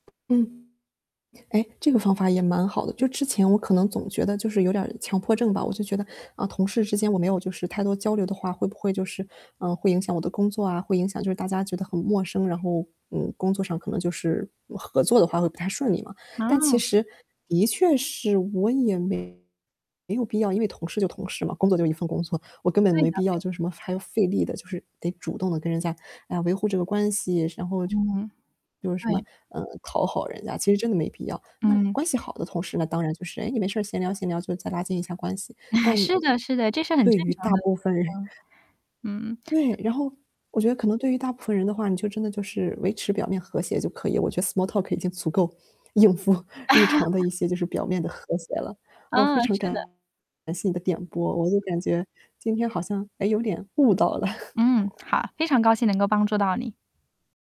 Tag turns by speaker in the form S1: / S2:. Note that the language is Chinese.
S1: 嗯，哎，这个方法也蛮好的。就是之前我可能总觉得就是有点儿强迫症吧，我就觉得，嗯，同事之间我没有就是太多交流的话，会不会就是，嗯，会影响我的工作啊，会影响就是大家觉得很陌生，然后，嗯，工作上可能就是，嗯，合作的话会不太顺利嘛。但其
S2: 啊。
S1: 实，的确是我也没有必要，因为同事就是同事嘛，工作就一份工作，我根本
S2: 对的
S1: 没必要
S2: 对
S1: 就是
S2: 的。
S1: 什么，还要费力地，就是，得主动地跟人家来维护这个关系，然后
S2: 嗯。
S1: 就是什么，
S2: 对。
S1: 嗯，讨好人家，其实真的没必要。那
S2: 嗯。
S1: 关系好的同事呢，当然就是，诶，你没事儿闲聊闲聊，就再拉近一下关系，
S2: 是的是的，这是很
S1: 但，对
S2: 正
S1: 于大
S2: 常的
S1: 部
S2: 对
S1: 分人
S2: 话。嗯。
S1: 对，然后，我觉得可能对于大部分人的话，你就真的就是维持表面和谐就可以，我觉得 small talk 已经足够应付日常的 一些就是表面的和谐了。哦，非
S2: 嗯，
S1: 常
S2: 是的。
S1: 感谢你的点拨，我就感觉今天好像，诶，还有点悟到了。
S2: 嗯，好，非常高兴能够帮助到你。